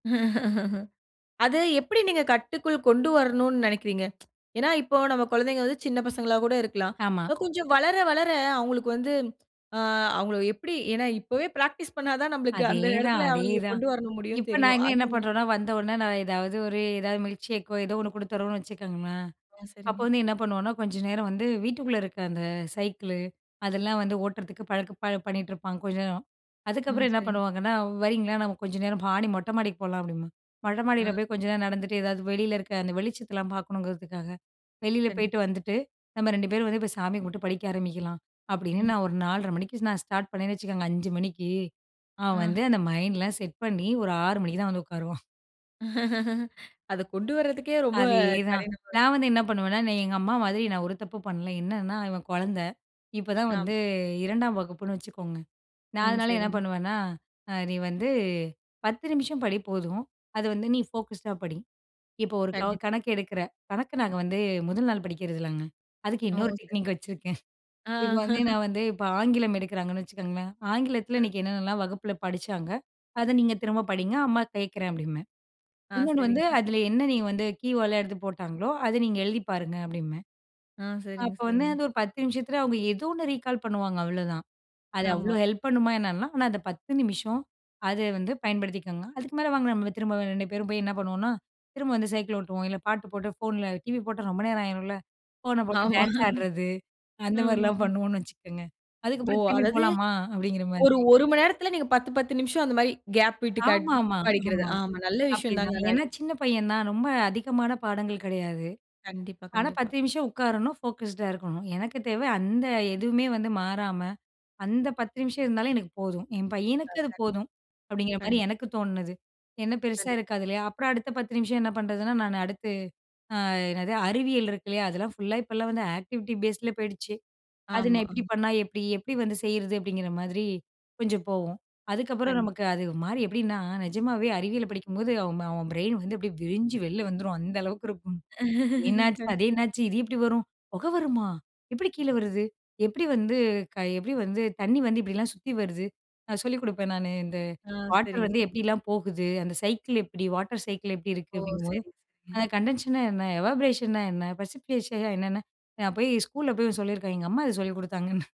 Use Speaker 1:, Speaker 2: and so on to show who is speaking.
Speaker 1: அதை எப்படி நீங்க கட்டுக்குள் கொண்டு வரனும்னு நினைக்கிறீங்க, ஏனா இப்போ நம் குழந்தைகள் வந்து சின்ன பசங்களா கூட இருக்கலாம்.
Speaker 2: ஆமா.
Speaker 1: கொஞ்சம் வளர வளர அவங்களுக்கு வந்து, ஆ அவங்கள எப்படி ஏனா இப்போவே பிராக்டிஸ் பண்னா தான் நம்மளுக்கு அந்த
Speaker 2: அதேதான்,
Speaker 1: இடத்தில அவங்களை
Speaker 2: அதேதான்.
Speaker 1: கொண்டு வர முடியுனு
Speaker 2: இப்ப
Speaker 1: தெரியும்.
Speaker 2: நாங்க என்ன பண்ணுறோம்ன்னா, வந்த உடனே நான் ஏதாவது ஒரு எதாவது மில்க்ஷேக் ஒ ஏதோ ஒன்னு கொடுத்துறோம்னு வச்சுக்கோங்களேன்,
Speaker 1: ஆ
Speaker 2: அப்போ
Speaker 1: சரிங்க.
Speaker 2: வந்து என்ன பண்ணுவோம்னா கொஞ்ச நேரம் வந்து வீட்டுக்குள்ள இருக்க அந்த சைக்கிள், அதெல்லாம் வந்து ஓட்டுறதுக்கு பழக்க பண்ணிகிட்டுருப்பாங்க கொஞ்ச நேரம்.
Speaker 1: ம்
Speaker 2: அதுக்கப்புறம் என்ன
Speaker 1: சரிங்க.
Speaker 2: பண்ணுவாங்கன்னா, "வரீங்களா நம்ம கொஞ்சம் நேரம் மாடி மொட்டை மாடிக்கு போகலாம்" அப்படிம்பாங்க. மொட்டை
Speaker 1: ஆ.
Speaker 2: மாடியில போய் கொஞ்ச நேரம் நடந்துட்டு எதாவது வெளியில் இருக்கிற அந்த வெளிச்சத்தலாம் பார்க்கணுங்கிறதுக்காக. வெளியில
Speaker 1: கண்டிப்பா
Speaker 2: போய்ட்டு வந்துட்டு, நம்ம 2 பேரும் இப்ப வந்து போய் சாமியை கும்பிட்டு படிக்க ஆரம்பிக்கலாம், அப்படின்னு
Speaker 1: ம்.
Speaker 2: நான் ஒரு 4:30 மணிக்கு நான் ஸ்டார்ட் பண்ணேன்னு வச்சுக்கோங்க, 5:00 மணிக்கு அவன் வந்து
Speaker 1: ஆ.
Speaker 2: அந்த மைண்ட்லாம் செட் பண்ணி ஒரு 6:00 மணிக்கு தான் வந்து உட்காருவான்.
Speaker 1: அதை கொண்டு வரதுக்கே ரொம்ப
Speaker 2: அதேதான்
Speaker 1: கடினமா இருக்கும்.
Speaker 2: நான் வந்து என்ன பண்ணுவேன்னா, நீ எங்க அம்மா மாதிரி, நான் ஒரு தப்பும் பண்ணல. என்னன்னா, இவன் குழந்தை, இப்பதான் வந்து
Speaker 1: ஆமா.
Speaker 2: 2ஆம் வகுப்புன்னு வச்சுக்கோங்க. நான்
Speaker 1: ம்
Speaker 2: அதனால என்ன
Speaker 1: சரிங்க.
Speaker 2: பண்ணுவேன்னா, அ நீ வந்து 10 நிமிஷம் படி போதும், அது வந்து நீ ஃபோகஸ்ட் டா படி, இப்போ ஒரு கவ
Speaker 1: கண்டிப்பா
Speaker 2: கணக்கு எடுக்கிற. கணக்கு நாங்க வந்து முதல் நாள் படிக்கிறதில்லங்க. அதுக்கு
Speaker 1: ஓ
Speaker 2: இன்னொரு
Speaker 1: சரி.
Speaker 2: டெக்னிக் வச்சிருக்கேன்.
Speaker 1: ஆ.
Speaker 2: இப்போ வந்து நான் வந்து இப்போ ஆங்கிலம் எடுக்கிறாங்கன்னு வச்சுக்கோங்களேன், ஆங்கிலத்தில இன்னைக்கு என்னென்னலாம் வகுப்பில படிச்சாங்க, அதை நீங்க திரும்ப படிங்க, அம்மா கேட்கிறேன் அப்படிம்பேன்.
Speaker 1: ஆ
Speaker 2: இன்னொன்னு வந்து
Speaker 1: சரிங்க.
Speaker 2: அதில என்ன நீங்க வந்து கீவேர்ட் ல எடுத்து போட்டாங்களோ அதை நீங்க எழுதி பாருங்க அப்படின்பேன்.
Speaker 1: ஆ, சரிங்க,
Speaker 2: அப்போ வந்து
Speaker 1: சரிங்க.
Speaker 2: அது ஒரு 10 நிமிஷத்தில, அவங்க ஏதோ ஒன்னு ரீகால் பண்ணுவாங்க அவ்வளோதான், அது
Speaker 1: ஆமா.
Speaker 2: அவ்வளோ ஹெல்ப் பண்ணுமா என்னலாம், ஆனா அந்த 10 நிமிஷம் அதை வந்து பயன்படுத்திக்கோங்க. அதுக்கு மேலே வாங்க நம்ம திரும்ப 2 பேரும் போய் என்ன பண்ணுவோம்னா, திரும்ப வந்து சைக்கிள் ஓட்டுவோம், இல்லை பாட்டு போட்டு ஃபோனில டிவி போட்டா ரொம்ப நேரம் ஆயிரும்ல, ஃபோனை போட்டு
Speaker 1: ஆமா,
Speaker 2: டான்ஸ் ஆடுறது, அந்த
Speaker 1: ஆமா.
Speaker 2: மாதிரிலாம் பண்ணுவோம்னு வச்சுக்கோங்க.
Speaker 1: ஓ!
Speaker 2: அதுக்கப்புறம் திரும்பி
Speaker 1: அதாவது
Speaker 2: போலாமா அப்படிங்கிற
Speaker 1: ஒரு
Speaker 2: மாதிரி.
Speaker 1: 1 மணி நேரத்துல, நீங்க 10 10 நிமிஷம், அந்த மாரி கேப் விட்டு காட்
Speaker 2: ஆமாமா,
Speaker 1: படிக்கிறது,
Speaker 2: ஆமா
Speaker 1: ஆமா நல்ல விஷயம்
Speaker 2: அப்படிதான்.
Speaker 1: தாங்க ஆனா
Speaker 2: ஏன்னா
Speaker 1: இது.
Speaker 2: சின்ன பையன் தான், ரொம்ப அதிகமான பாடங்கள் கிடையாது,
Speaker 1: கண்டிப்பா,
Speaker 2: ஆனா
Speaker 1: கண்டிப்பா.
Speaker 2: 10 நிமிஷம் உட்காரணும் ஃபோகஸ்ட் டா இருக்கணும். எனக்கு தேவை அந்த எதுவுமே வந்து மாறாம, அந்த 10 நிமிஷம் இருந்தாலும் எனக்கு போதும், என் பையனுக்கு அது
Speaker 1: கண்டிப்பா,
Speaker 2: போதும், அப்படிங்கிற மாதிரி
Speaker 1: கண்டிப்பா.
Speaker 2: எனக்கு தோன்னது, என்ன பெருசா
Speaker 1: கண்டிப்
Speaker 2: இருக்காது இல்லையா. அப்புறம் அடுத்த பத்து நிமிஷம் என்ன பண்ணுறதுன்னா. நான் அடுத்து ஆ என்னது அறிவியல் இருக்கு இல்லையா அதெல்லாம் ஃபுல்லா இப்போலாம் வந்து ஆக்டிவிட்டி பேஸ் ல போயிடுச்சு, அது நான்
Speaker 1: ஆமா,
Speaker 2: எப்படி
Speaker 1: ம்.
Speaker 2: பண்ணா எப்படி, எப்படி வந்து செய்றது, அப்படிங்கிற மாதிரி கொஞ்சம் போவும். அதுக்கப்புறம்
Speaker 1: கண்டிப்
Speaker 2: நமக்கு அது மாறி எப்படின்னா, நிஜமாவே அறிவியல் படிக்கும்போது அவன் அவன் பிரெயின் வந்து அப்படியே விரிஞ்சி வெளிய வந்துரும், அந்த அளவுக்கு இருக்கும். என்னாச்சு? அதே
Speaker 1: கண்டிப்
Speaker 2: என்னாச்சு? இது எப்படி வரும்? புகை வருமா? எப்படி கீழே வருது? எப்படி வந்து எப்படி வந்து தண்ணி வந்து இப்படிலாம் சுத்தி வருது? நான் சொல்லிக் கொடுப்பேன் நானு, இந்த
Speaker 1: ஆ
Speaker 2: வாட்டர்
Speaker 1: சரிங்க,
Speaker 2: வந்து
Speaker 1: சரிங்க.
Speaker 2: எப்படிலாம் போகுது, அந்த சைக்கிள் எப்படி வாட்டர் சைக்கிள் எப்படி இருக்கு
Speaker 1: ஓ!
Speaker 2: அப்படிங்கும்போது,
Speaker 1: சரி, சரி.
Speaker 2: அந்த கண்டன்ஷேஷன் ன என்ன? எவாபரேஷன் ன என்ன? பிரசிபிடேஷன் என்னென்ன நான் போய் ஸ்கூல்ல போய் சொல்லியிருக்கான், எங்க அம்மா அத சொல்லிக் குடுத்தாங்கன்னு